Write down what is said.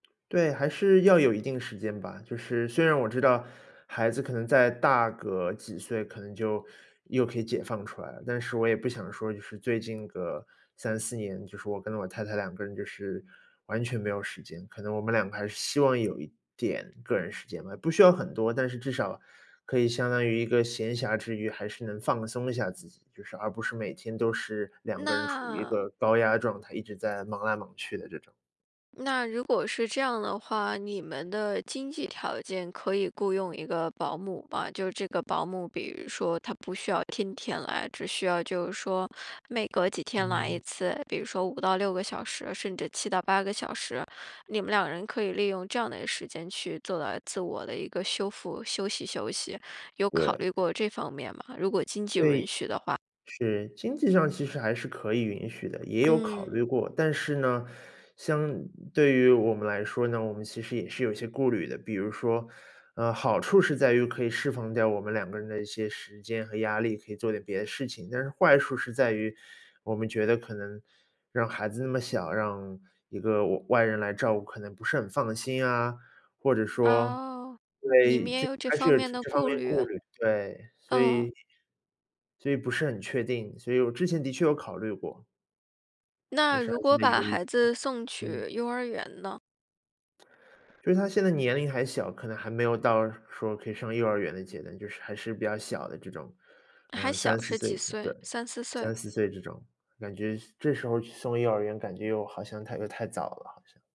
对，还是要有一定时间吧。就是虽然我知道孩子可能再大个几岁可能就又可以解放出来了，但是我也不想说，就是最近个3-4年，就说我跟我太太2个人就是完全没有时间。可能我们2个还是希望有一点个人时间吧，不需要很多，但是至少可以相当于一个闲暇之余还是能放松一下自己，就是而不是每天都是2个人处于一那个高压状态，一直在忙来忙去的这种。那如果是这样的话，你们的经济条件可以雇佣一个保姆吗？就这个保姆比如说她不需要天天来，只需要就是说每隔几天来一嗯。次，比如说5到6个小时，甚至7到8个小时，你们2人可以利用这样的时间去做到自我的一个修复，休息休息，有考对。虑过这方面吗？如果经济 run 对。许的话。是，经济上其实还是可以允许的，也有考嗯。虑过。但是呢，相对于我们来说呢，我们其实也是有一些顾虑的。比如说，呃，好处是在于可以释放掉我们2个人的一些时间和压力，可以做点别的事情。但是坏处是在于我们觉得可能让孩子那么小，让一个外-外人来照顾可能不是很放心呀，或者说哦，因你为们也这有这还是方有面这的这方顾面虑。顾虑。对，所哦。以，所以不是很确定，所以我之前的确有考虑过。但那是还如是果在把犹豫，孩子送嗯。去幼儿园呢？就是他现在年龄还小，可能还没有到说可以上幼儿园的阶段，就是还是比较小的这种，还呃，三小四是岁几对，岁？3-4岁？3-4岁这种，感觉这时候去送幼儿园感觉又好像太又太早了好像。